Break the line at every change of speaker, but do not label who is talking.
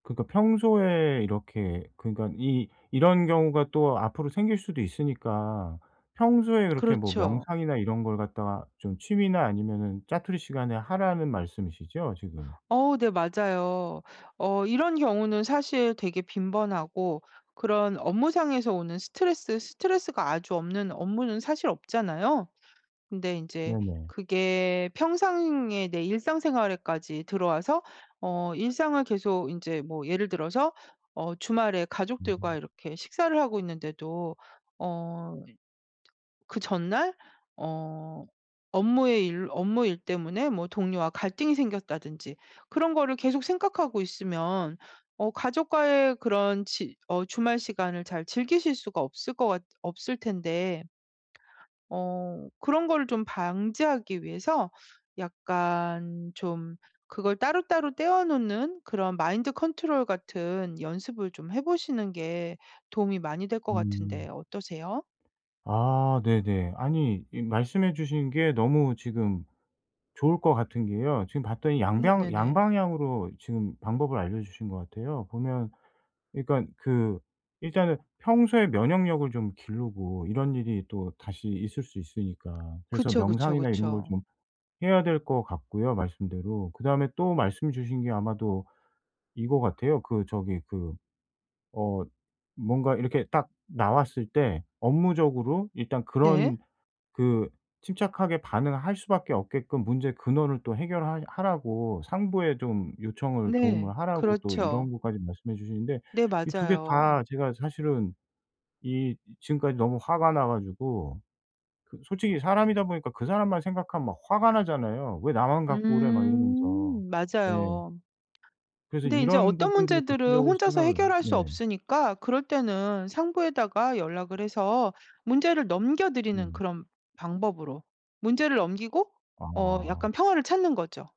그니까 평소에 이렇게 그니까 이 이런 경우가 또 앞으로 생길 수도 있으니까 평소에 그렇게 뭐
그렇죠.
명상이나 이런 걸 갖다가 좀 취미나 아니면은 자투리 시간에 하라는 말씀이시죠? 지금.
어 네 맞아요. 어 이런 경우는 사실 되게 빈번하고 그런 업무상에서 오는 스트레스 스트레스가 아주 없는 업무는 사실 없잖아요. 근데 인제
네네.
그게 평상의 내 일상생활에까지 들어와서 어 일상을 계속 인제 뭐 예를 들어서 어 주말에 가족들과
음.
이렇게 식사를 하고 있는데도 어 그 전날 어 업무의 일 업무 일 때문에 뭐 동료와 갈등이 생겼다든지 그런 거를 계속 생각하고 있으면 어 가족과의 그런 지 어 주말 시간을 잘 즐기실 수가 없을 것 같 없을 텐데 ...어 그런 거를 좀 방지하기 위해서 약간 좀 그걸 따로따로 떼어 놓는 그런 마인드컨트롤같은 연습을 좀 해보시는 게 도움이 많이 될 것
음.
같은데 어떠세요?
아 네네. 아니 이 말씀해 주신 게 너무 지금 좋을 것 같은 게요. 지금 봤더니 양뱡
네네네.
양방향으로 지금 방법을 알려주신 거 같아요. 보면 그니깐 그 일단은 평소에 면역력을 좀 기르고 이런 일이 또 다시 있을 수 있으니까. 그래서
그쵸, 그쵸,
명상이나 이런 걸
그쵸.
좀 해야 될 거 같고요 말씀대로. 그다음에 또 말씀 주신 게 아마도 이거 같아요. 그 저기 그 어 뭔가 이렇게 딱 나왔을 때 업무적으로 일단
네.
그런 그 침착하게 반응할 수밖에 없게끔 문제의 근원을 또 해결하 하라고 상부에 좀 요청을
네
도움을 하라고 또
그렇죠.
이런 것까지 말씀해 주시는데
네
이 2 개
맞아요.
다 제가 사실은 이 지금까지 너무 화가 나 가지고 그 솔직히 사람이다 보니까 그 사람만 생각하면 막 화가 나잖아요. '왜 나만 갖고 그래.' 막 이러면서.
음
예.
맞아요.
그래서
근데 인제
이런
어떤
부분들을
문제들은
구체적으로
혼자서
생각을
해결할
네.
수 없으니까 그럴 때는 상부에다가 연락을 해서 문제를 넘겨드리는
네.
그런 방법으로 문제를 넘기고 어
아.
약간 평화를 찾는 거죠.